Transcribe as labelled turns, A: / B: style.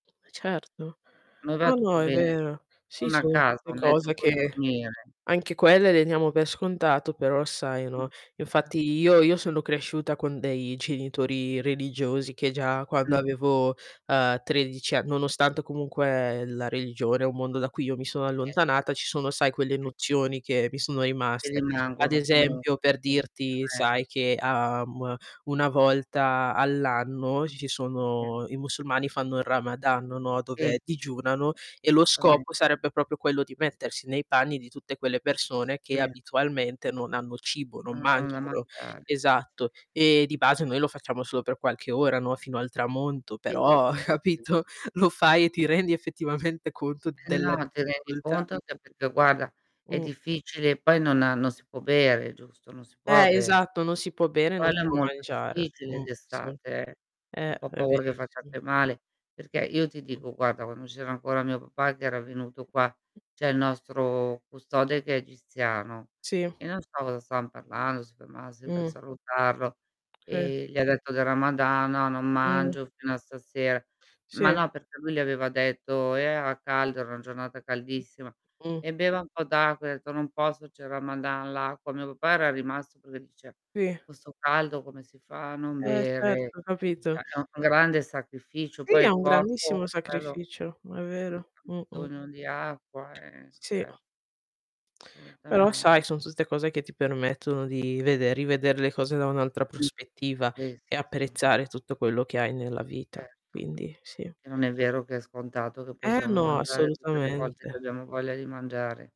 A: Certo.
B: Non va
A: No,
B: tutto
A: no è
B: bene.
A: vero.
B: Ho
A: Sì
B: una
A: sono
B: casa,
A: tutte
B: ho un letto
A: cose
B: in cui
A: che
B: dormire.
A: anche quelle le diamo per scontato però sai,
B: Mh.
A: no, infatti
B: [unintelligible]
A: io io sono cresciuta con dei genitori religiosi che già quando avevo, ehm, 13 ann nonostante comunque la religione è un mondo da cui io mi sono
B: [unintelligible]
A: allontanata, ci sono sai quelle
B: [unintelligible]
A: nozioni che mi sono
B: Che
A: rimaste. Ad
B: rimangono comunque.
A: esempio, per dirti,
B: [unintelligible]
A: sai che, uhm, 1 volta all'anno ci ci
B: [unintelligible]
A: sono i musulmani fanno il ramadan, no, dove
B: Sì.
A: digiunano e lo
B: A mente.
A: scopo sarebbe proprio quello di mettersi nei panni di tutte quelle persone che
B: Sì.
A: abitualmente non hanno cibo, non
B: Non hanno da
A: mangiano
B: mangiare.
A: esatto, ehm, di base noi lo facciamo solo per qualche ora, no, fino al tramonto, però
B: [unintelligible]
A: capito, lo fai e ti rendi effettivamente conto
B: Eh
A: della
B: no ti rendi
A: difficoltà.
B: conto anche perché guarda è
A: Mh.
B: difficile e poi non ha non si può bere giusto, non si può
A: Eh,
B: bere.
A: esatto, non si può bere, non si
B: Quello è
A: può
B: molto
A: mangiare.
B: difficile
A: Mh, sì.
B: d'estate eh, ho
A: Eh,
B: un po'
A: è
B: paura che
A: verissimo.
B: facciate male, perché io ti
A: Mh.
B: dico guarda, quando c'era ancora mio papà che era venuto qua c'è il nostro custode che è egiziano
A: Sì.
B: e non so cosa stavam parlando, si ferma sempre a
A: Mh.
B: salutarlo,
A: Sì.
B: ehm, gli ha detto del Ramadan: "No non
A: Mh.
B: mangio fino a stasera." Ma
A: Sì.
B: no perché lui gli aveva detto era caldo, era una giornata caldissima:
A: Mh.
B: "E beva un po' d'acqua," ha detto: "Non posso c'è il ramadan, l'acqua" Mio papà era rimasto perché dice:
A: Sì
B: "Con 'sto caldo come si fa a non
A: Eh
B: bere?"
A: certo,
B: È
A: capito?
B: è un grande sacrificio,
A: Sì
B: poi
A: è
B: il
A: un
B: corpo,
A: grandissimo
B: quello
A: sacrificio, ma è vero. Mh-mh.
B: sogno di acqua, ehm,
A: Sì.
B: cer
A: Però
B: Assolutamente.
A: sai son tutte cose che ti permettono di vede rivedere le cose da un'altra prospettiva e
B: [unintelligible]
A: apprezzare tutto quello che hai nella vita.
B: Certo.
A: Quindi sì.
B: Che non è vero che è scontato che
A: Eh,
B: possiamo
A: no
B: mangiare tutte le volte che
A: assolutamente.
B: abbiamo voglia di mangiare.